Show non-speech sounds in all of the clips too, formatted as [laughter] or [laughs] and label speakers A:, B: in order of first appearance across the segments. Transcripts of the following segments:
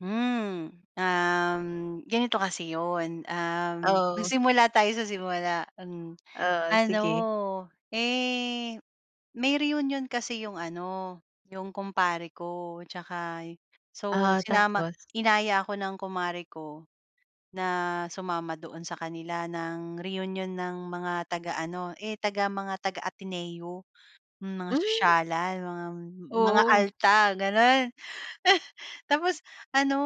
A: Hmm, um, ganito kasi iyon, um,
B: Oo.
A: magsimula tayo sa simula an
B: Oh,
A: ano
B: sige.
A: eh, may reunion kasi iyong ano, iyong kumpare ko at saka y so
B: Ah,
A: sinama
B: tapos?
A: inaya ako ng kumare ko na sumama doon sa kanila ng reunion ng mga taga ano, eh, taga mga taga-Ateneo mga
B: Hmm.
A: sosyalan mga mga
B: Oo.
A: alta ganun. [laughs] Tapos ano,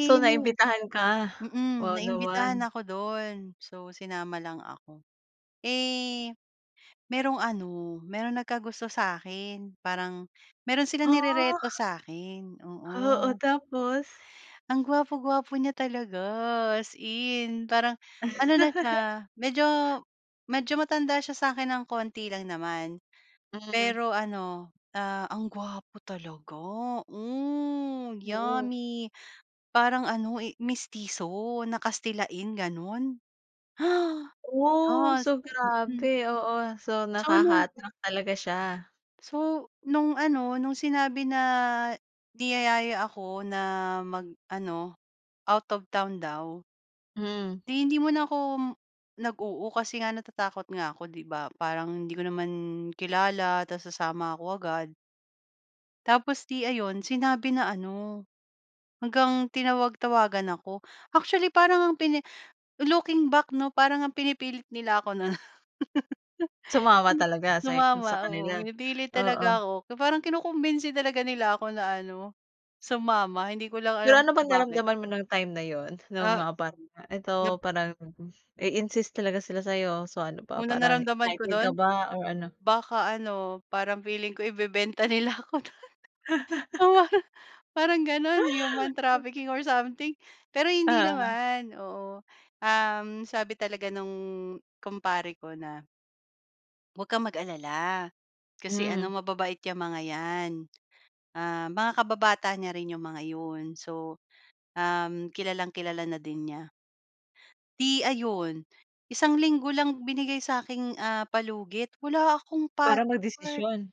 B: So
A: may
B: naimbitahan ka?
A: mm,
B: Wow,
A: naimbitahan
B: naman.
A: ako dun so sinama lang ako. Eh, merong ano, meron nagkagusto sa'kin, parang meron silang
B: Ah.
A: nirereto sa akin
B: Oo,
A: oo.
B: tapos?
A: Ang gwapo-gwapo niya talaga as in parang, ano na
B: [laughs]
A: siya medyo medyo matanda siya sa akin ng konti lang naman.
B: Hmm.
A: Pero ano, ah, ang gwapo talaga, hmm,
B: Oo.
A: yummy. Parang ano eh, mestiso na kastilain ganun. Ha!
B: Oh!
A: Yes,
B: So
A: mm.
B: grabe, oo, so,
A: So nung
B: nakaka-attract talaga siya.
A: so nung ano nung sinabi na niyayaya ako na mag ano, out of town daw
B: Mm.
A: di hindi muna ako m nag oo kasi nga natatakot nga ako di ba parang hindi ko naman kilala tapos sasama ako agad tapos 'di ayun, sinabi na ano, hanggang tinawag-tawagan ako. Actually, parang ang pini looking back no para ngang pinipilit nila ako na
B: Sumama
A: [laughs]
B: talaga say sa
A: Sumama, oo,
B: kanila?
A: pinipilit talaga
B: Oo.
A: ako. So parang kinukumbinsi talaga nila ako na ano, sumama hindi ko lang alam
B: Pero ano
A: kung
B: bang
A: bakit.
B: nararamdaman mo nung time na yun? Nung
A: Ah
B: mga parang ah, ito
A: nap
B: parang, mm, i-insist talaga sila sayo, so ano pa
A: Unang
B: parang
A: naramdaman ko
B: excited ka
A: dun?
B: ba or ano?
A: Baka ano, parang feeling ko ibebenta nila ako dun.
B: [laughs]
A: Oo parang parang ganun, human trafficking or
B: [laughs]
A: something, pero hindi
B: Oo.
A: naman, oo, um, sabi talaga nung kumpare ko na huwag kang mag-alala, kasi ano
B: Hmm.
A: mababait iyang mga iyan, ah, mga kababata niya rin iyong mga iyon. So, um, kilalang-kilala na din niya. Di ayun, isang linggo lang binigay saking ah, palugit wala akong
B: Para
A: pathwork.
B: magdesisyon?